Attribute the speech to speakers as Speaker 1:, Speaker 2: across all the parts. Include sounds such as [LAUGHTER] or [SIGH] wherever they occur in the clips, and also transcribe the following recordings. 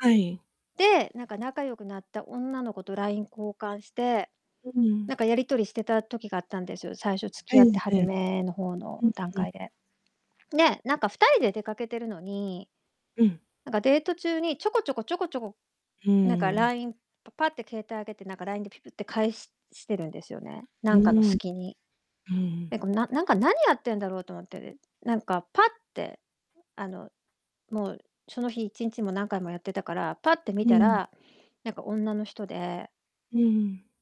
Speaker 1: はい。
Speaker 2: で、なんか仲良くなった女の子と LINE 交換して、
Speaker 1: う
Speaker 2: な
Speaker 1: ん。
Speaker 2: んかやり取りしてた時があったんです、最初付
Speaker 1: う
Speaker 2: き合っ
Speaker 1: ん
Speaker 2: て初
Speaker 1: うん。
Speaker 2: めの方の
Speaker 1: うん
Speaker 2: 段
Speaker 1: うん。
Speaker 2: 階で。ね、なんか2人で出かけてるのに、
Speaker 1: うん。
Speaker 2: なんかデート中に、ちょこちょこちょこちょこ、
Speaker 1: う
Speaker 2: なんか
Speaker 1: ーん。
Speaker 2: LINE パパッて携帯上げて、なんか LINE でピピって返ししてるんですよね、
Speaker 1: う
Speaker 2: なんかの
Speaker 1: ーん。
Speaker 2: 隙に。
Speaker 1: うんうん。
Speaker 2: え、こ、なんなんか、何やってんだろうと思って、え、なんかパッって、あの、もう、その日1日、も、何回もやってたから、パッて見
Speaker 1: う
Speaker 2: た
Speaker 1: ん。
Speaker 2: ら、なんか女の人で
Speaker 1: うんうん。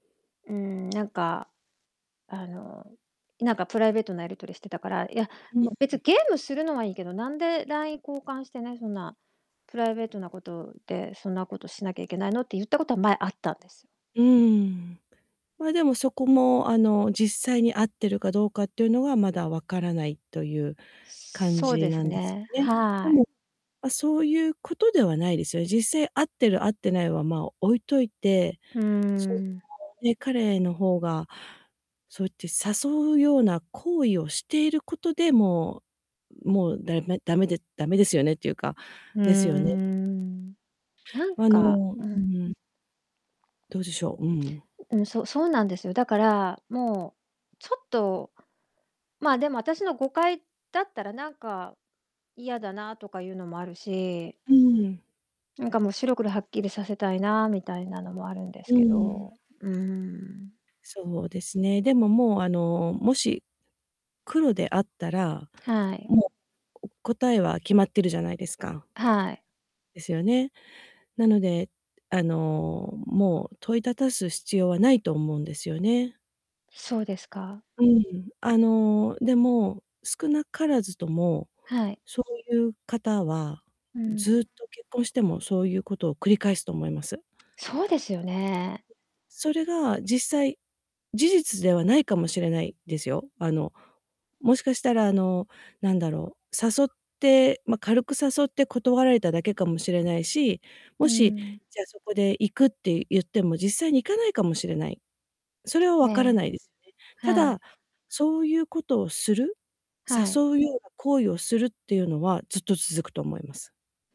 Speaker 2: うん、なんかあの、なんかプライベートなやり取りしてたから、いや、
Speaker 1: うんうん。
Speaker 2: もう、別、ゲームするのはいいけど、なんで LINE 交換してね、そんなプライベートなことで、そんなことしなきゃいけないのって言ったことは、前、あったんですよ。
Speaker 1: うんうーん。ま、でも、そこも、あの、実際に会ってるかどうかっていうのはまだ分からないという感
Speaker 2: そう
Speaker 1: じ
Speaker 2: です
Speaker 1: なんです
Speaker 2: ね、
Speaker 1: よね。で
Speaker 2: はい。
Speaker 1: も、ま、そういう事ではないですよ。実際、会ってる、会ってないは、まあ、置いといて、
Speaker 2: うーん。
Speaker 1: [UNINTELLIGIBLE] ね、彼の方がそうって誘うような行為をしていることで、もうもうだめ、だめで、だめですよねっていうか、
Speaker 2: うー
Speaker 1: ですよね？
Speaker 2: ん。なん
Speaker 1: あ
Speaker 2: か
Speaker 1: の
Speaker 2: う
Speaker 1: うん
Speaker 2: ん。
Speaker 1: うん。どうでしょう？うんうん。
Speaker 2: ううん、そう、そうなんです。だから、もう、ちょっとまあ、でも、あたしの誤解だったらなんか嫌だなとかいうのもあるし
Speaker 1: うんうん。
Speaker 2: なんかもう、白黒はっきりさせたいなみたいなのもあるんです
Speaker 1: うんう
Speaker 2: け
Speaker 1: ん。
Speaker 2: ど、うーん。
Speaker 1: そうですね。でも、もう、あの、もし、黒であったら、
Speaker 2: はい。
Speaker 1: もう、こ答えは決まってるじゃないですか。
Speaker 2: はい。
Speaker 1: です
Speaker 2: [UNINTELLIGIBLE]
Speaker 1: よね、なので、あの、もう問いただす必要はないと思うんですよね。
Speaker 2: そうですか。
Speaker 1: うん、あの、でも少なからずとも、
Speaker 2: はい。
Speaker 1: そういう方は、
Speaker 2: うん。
Speaker 1: ずっと、結婚してもそういうことを繰り返すと思います。
Speaker 2: そうですよね。
Speaker 1: それが、実際、事実ではないかもしれないですよ。あの、もしかしたら、あの、なんだろう、誘って、ま、軽く誘って断られただけかもしれないし、も
Speaker 2: う
Speaker 1: し、
Speaker 2: ん。
Speaker 1: じゃ、そこで行くって言っても、実際に行かないかもしれない。それは
Speaker 2: え
Speaker 1: 分からな
Speaker 2: え。
Speaker 1: いですね。た
Speaker 2: はい。
Speaker 1: だ、そういうことをする、
Speaker 2: はい。
Speaker 1: 誘うような行為をするっていうのはずっと続くと思います。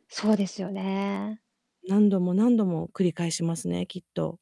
Speaker 2: そうですよね。
Speaker 1: 何度も何度も繰り返しますね、きっと。